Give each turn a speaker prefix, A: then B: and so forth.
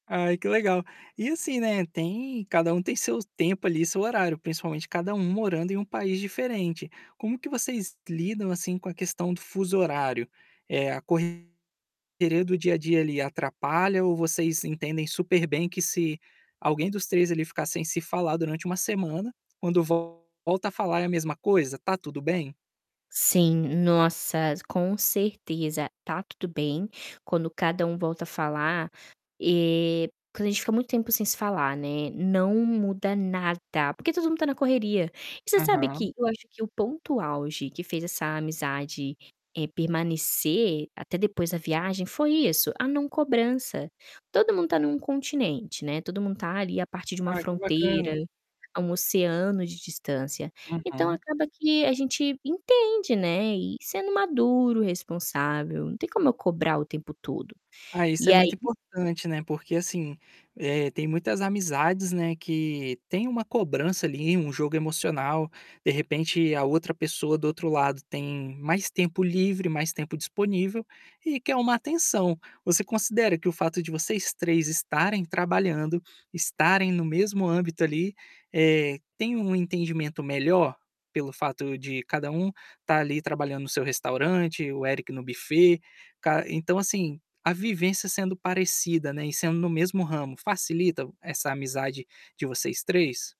A: Ai, que legal. E assim, né, tem cada um tem seu tempo ali, seu horário, principalmente cada um morando em um país diferente. Como que vocês lidam, assim, com a questão do fuso horário? Eh, a correria do dia a dia ali atrapalha ou vocês entendem super bem que se alguém dos 3 ali ficar sem se falar durante 1 semana, quando volta a falar é a mesma coisa, está tudo bem?
B: Sim. Nossa, com certeza, está tudo bem, quando cada um volta a falar eh, quando a gente fica muito tempo sem se falar, né, não muda nada, porque todo mundo está na correria. E você sabe
A: Aham.
B: que eu acho que o ponto auge que fez essa amizade, eh, permanecer, até depois da viagem foi isso, a não cobrança. Todo mundo está em um continente, né, todo mundo está ali a partir de uma
A: Ah, que bacana!
B: fronteira, a um oceano de distância, então
A: Uhum.
B: acaba que a gente entende, né, e sendo maduro, responsável, não tem como eu cobrar o tempo todo.
A: Ah, isso
B: E
A: é muito
B: aí
A: importante, né, porque assim, eh, tem muitas amizades, né, que tem uma cobrança ali, um jogo emocional, de repente a outra pessoa do outro lado tem mais tempo livre, mais tempo disponível, e que é um atenção. Você considera que o fato de vocês 3 estarem trabalhando, estarem no mesmo âmbito ali, eh, tem um entendimento melhor, pelo fato de cada um estar ali trabalhando no seu restaurante, o Eric no buffet, ca então, assim, a vivência sendo parecida, né, e sendo no mesmo ramo facilita essa amizade de vocês 3?